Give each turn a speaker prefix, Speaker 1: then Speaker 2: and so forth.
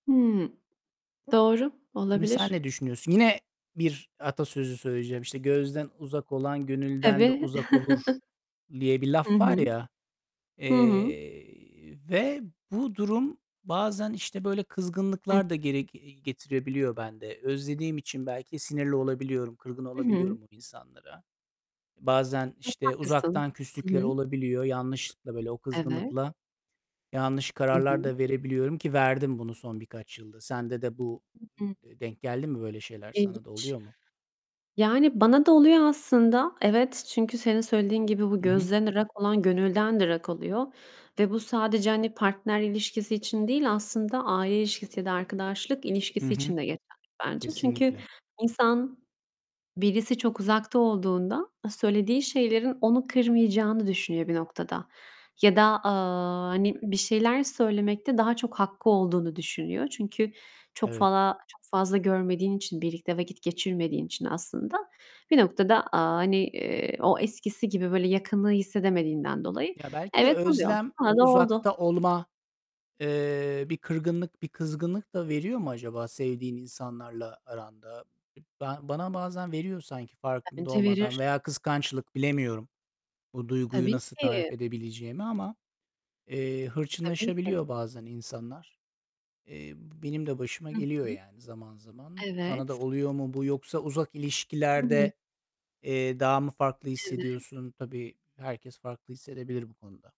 Speaker 1: Hımm, doğru.
Speaker 2: Mesela
Speaker 1: Olabilir.
Speaker 2: ne düşünüyorsun? Yine bir atasözü söyleyeceğim, işte, "Gözden uzak olan gönülden de
Speaker 1: Tabii.
Speaker 2: uzak olur." diye bir
Speaker 1: Hı
Speaker 2: laf var
Speaker 1: hı.
Speaker 2: ya.
Speaker 1: Hı hı.
Speaker 2: Eee, ve bu durum bazen, işte, böyle
Speaker 1: Hı.
Speaker 2: kızgınlıklar da geri ge getirebiliyor bende. Özlediğim için belki sinirli olabiliyorum, kırgın
Speaker 1: Hı hı.
Speaker 2: olabiliyorum bu insanlara. Bazen,
Speaker 1: Çok
Speaker 2: işte,
Speaker 1: haklısın.
Speaker 2: uzaktan
Speaker 1: Hı
Speaker 2: küslükler
Speaker 1: hı.
Speaker 2: olabiliyor. Yanlışlıkla, böyle o
Speaker 1: Evet.
Speaker 2: kızgınlıkla yanlış
Speaker 1: Hı
Speaker 2: kararlar
Speaker 1: hı.
Speaker 2: da verebiliyorum, ki verdim bunu son birkaç yılda. Sende de bu
Speaker 1: Hı hı.
Speaker 2: e e denk geldi mi? Böyle şeyler sana da
Speaker 1: İlginç.
Speaker 2: oluyor mu?
Speaker 1: Yani, bana da oluyor aslında. Evet, çünkü, senin söylediğin gibi, bu
Speaker 2: Hı hı.
Speaker 1: gözden ırak olan gönülden de ırak oluyor ve bu sadece, hani, partner ilişkisi için değil, aslında aile ilişkisi ya da arkadaşlık
Speaker 2: Hı
Speaker 1: ilişkisi
Speaker 2: hı.
Speaker 1: için de geçerli bence. Çünkü
Speaker 2: Kesinlikle.
Speaker 1: insan birisi çok uzakta olduğunda söylediği şeylerin onu kırmayacağını düşünüyor bir noktada. Ya da, aaa, hani, bir şeyler söylemekte daha çok hakkı olduğunu düşünüyor. Çünkü çok
Speaker 2: Evet.
Speaker 1: fala çok fazla görmediğin için, birlikte vakit geçirmediğin için aslında bir noktada, aaa, hani, eee, o eskisi gibi böyle yakınlığı hissedemediğinden dolayı
Speaker 2: Ya, belki de
Speaker 1: evet, oluyor.
Speaker 2: özlem,
Speaker 1: Bana
Speaker 2: o
Speaker 1: da oldu.
Speaker 2: uzakta olma, eee, bir kırgınlık, bir kızgınlık da veriyor mu acaba sevdiğin insanlarla aranda? Ba bana bazen veriyor sanki farkında
Speaker 1: Bence
Speaker 2: olmadan.
Speaker 1: verir.
Speaker 2: Veya kıskançlık. Bilemiyorum, bu duyguyu
Speaker 1: Tabii
Speaker 2: nasıl tarif
Speaker 1: ki.
Speaker 2: edebileceğimi ama, eee,
Speaker 1: Tabii ki.
Speaker 2: hırçınlaşabiliyor bazen insanlar. Eee, benim de başıma
Speaker 1: Hı
Speaker 2: geliyor,
Speaker 1: hı.
Speaker 2: yani, zaman zaman.
Speaker 1: Evet.
Speaker 2: Sana da oluyor mu bu? Yoksa uzak
Speaker 1: Hı hı.
Speaker 2: ilişkilerde, eee, daha mı farklı
Speaker 1: Evet.
Speaker 2: hissediyorsun? Tabii, herkes farklı hissedebilir bu konuda.